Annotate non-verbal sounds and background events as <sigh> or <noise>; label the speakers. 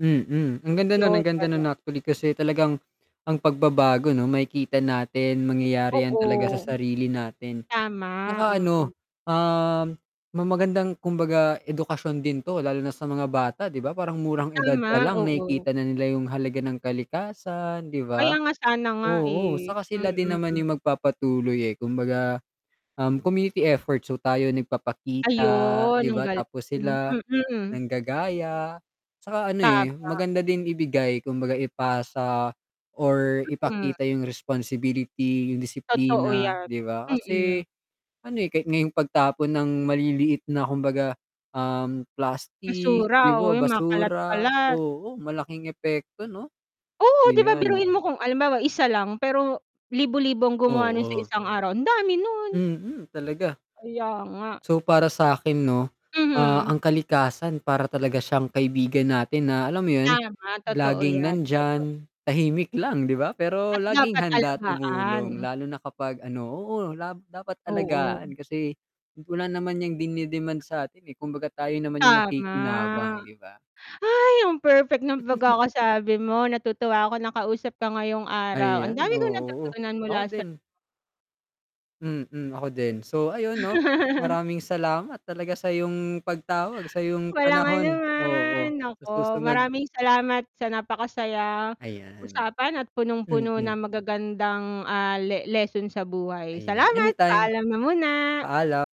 Speaker 1: Mm, ang ganda nun,
Speaker 2: 'Yon
Speaker 1: ang ganda
Speaker 2: ano.
Speaker 1: nun actually, kasi talagang ang pagbabago 'no makikita natin mangyayari yan
Speaker 2: Oo.
Speaker 1: talaga sa sarili natin.
Speaker 2: Tama,
Speaker 1: 'Tsaka
Speaker 2: mm.
Speaker 1: ano, um ma magandang kumbaga edukasyon din 'to, lalo na sa mga bata 'di ba parang murang edad
Speaker 2: Tama,
Speaker 1: palang
Speaker 2: oo.
Speaker 1: nakikita na nila yung halaga ng kalikasan, 'di
Speaker 2: Kaya
Speaker 1: ba?
Speaker 2: nga sana nga
Speaker 1: Oo
Speaker 2: eh,
Speaker 1: 'tsaka sila din naman
Speaker 2: mm.
Speaker 1: yung magpapatuloy eh, kumbaga, um community efforts so, tayo nagpapakita
Speaker 2: Ayun
Speaker 1: 'di
Speaker 2: ang
Speaker 1: ba?
Speaker 2: galing,
Speaker 1: Tapos sila,
Speaker 2: mm.
Speaker 1: nanggagaya. 'Tsaka ano eh,
Speaker 2: Tama.
Speaker 1: maganda din ibigay kumbaga ipasa or
Speaker 2: Mm.
Speaker 1: ipakita yung responsibility, yung
Speaker 2: Totoo
Speaker 1: disiplina
Speaker 2: yan,
Speaker 1: 'di ba?
Speaker 2: mm.
Speaker 1: Kasi ano eh, kahit nga 'yong pagtapon ng maliliit na kumbaga, um plastik,
Speaker 2: Basura,
Speaker 1: 'di
Speaker 2: oo
Speaker 1: ba
Speaker 2: yun, mga
Speaker 1: basura,
Speaker 2: kalat-kalat.
Speaker 1: oo, malaking epekto 'no,
Speaker 2: Oo 'di ba
Speaker 1: ayan.
Speaker 2: biruin mo kung halimbawa isa lang, pero libo-libo ang gumawa nun sa
Speaker 1: Oo.
Speaker 2: isang araw, ang dami nun.
Speaker 1: Mm, talaga.
Speaker 2: Kaya nga.
Speaker 1: So para sa 'kin 'no, ah
Speaker 2: Mhm.
Speaker 1: ang kalikasan para talaga siyang kaibigan natin na alam mo yun,
Speaker 2: Tama totoo
Speaker 1: laging
Speaker 2: yan, totoo.
Speaker 1: nandyan tahimik lang 'di ba?
Speaker 2: At
Speaker 1: Pero laging
Speaker 2: dapat
Speaker 1: handa
Speaker 2: alagaan.
Speaker 1: tumulong, lalo na kapag ano, oo la dapat
Speaker 2: Oo.
Speaker 1: alagaan kasi wala naman niyang dininidemand sa 'tin eh, kumbaga tayo naman yung nakikinabang
Speaker 2: Tama,
Speaker 1: 'di ba?
Speaker 2: hay ang perfect ng
Speaker 1: <chuckles>
Speaker 2: pagkakasabi mo, natutuwa ako nakausap ka ngayong araw ang
Speaker 1: Ayan
Speaker 2: dami kong
Speaker 1: oh, oo,
Speaker 2: natutunan
Speaker 1: ako
Speaker 2: mula sa
Speaker 1: din. Mm ako din, so ayun 'no, maraming salamat talaga sa 'yong pagtawag sa 'yong
Speaker 2: Walang
Speaker 1: panahon,
Speaker 2: anuman,
Speaker 1: oo sa
Speaker 2: naku
Speaker 1: susunod.
Speaker 2: maraming salamat sa napakasaya
Speaker 1: Ayan,
Speaker 2: usapan at punong-puno
Speaker 1: mm.
Speaker 2: ng magagandang, ah, le leson sa buhay.
Speaker 1: Ayan,
Speaker 2: Salamat
Speaker 1: anytime
Speaker 2: paalam na muna.
Speaker 1: paalam.